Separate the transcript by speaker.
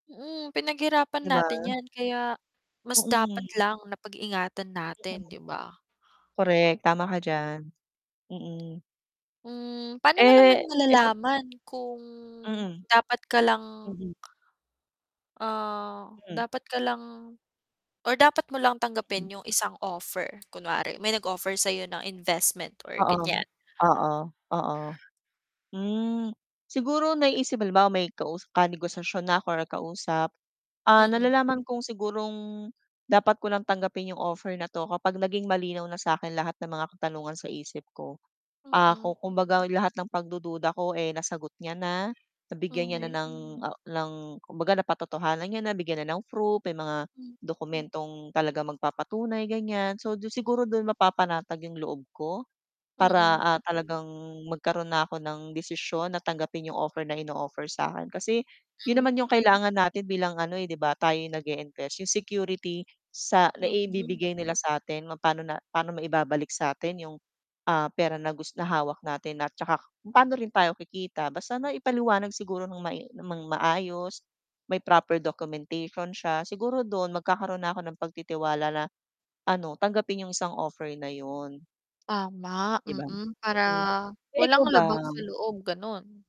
Speaker 1: Mm, pinaghirapan
Speaker 2: 'Di ba?
Speaker 1: natin yan kaya, mas dapat
Speaker 2: Mm.
Speaker 1: lang na pag-ingatan
Speaker 2: Hmm.
Speaker 1: natin di ba?
Speaker 2: Correct, tama ka diyan. Mm.
Speaker 1: Hmm, paano mo
Speaker 2: Eh
Speaker 1: naman
Speaker 2: eh, sa
Speaker 1: malalaman kung
Speaker 2: Mm.
Speaker 1: dapat ka lang
Speaker 2: Mhm.
Speaker 1: ah,
Speaker 2: Hmm.
Speaker 1: dapat ka lang or dapat mo lang tanggapin
Speaker 2: Mm.
Speaker 1: yung isang offer? Kunwari may nag-offer sayo ng investment or
Speaker 2: Oo,
Speaker 1: ganyan?
Speaker 2: oo, oo. Hmm, siguro naiisip halimbawa may kausa ka-negosasyon na ako or kausap, ah,
Speaker 1: Mm.
Speaker 2: nalalaman kong sigurong dapat ko lang tanggapin 'yong offer na 'to kapag naging malinaw na sa akin lahat ng mga katanungan sa isip ko. Ah,
Speaker 1: Mm.
Speaker 2: ku kumbaga lahat ng pagdududa ko eh, nasagot niya na, nabigyan niya na
Speaker 1: Mhm.
Speaker 2: ng ah, ng kumbaga napa-totohanan niya na bigyan na ng proof, may mga
Speaker 1: Hmm.
Speaker 2: dokumentong talagang magpapatunay ganyan, so siguro do mapapanatag 'yong loob ko. Para
Speaker 1: Mm.
Speaker 2: ah, talagang magkaroon na ako ng desisyon na tanggapin 'yong offer na ino-offer sa akin kasi 'yon
Speaker 1: Hmm.
Speaker 2: naman 'yong kailangan natin bilang ano eh, 'di ba tayo yung nag-e-invest 'yong security sa
Speaker 1: Mm.
Speaker 2: naibibigay nila satin paano paano maibabalik sa atin 'yong ah, pera na gus na hawak natin at saka kung paano rin tayo kikita basta na ipaliwanag siguro ng mai ng maayos, may proper documentation siya siguro do'n magkakaroon na ako ng pagtitiwala na, ano tanggapin 'yong isang offer na 'yon.
Speaker 1: Tama,
Speaker 2: Di ba?
Speaker 1: mm, para
Speaker 2: Hmm. Eh, ikaw
Speaker 1: walang
Speaker 2: ba?
Speaker 1: labag sa loob, ganon.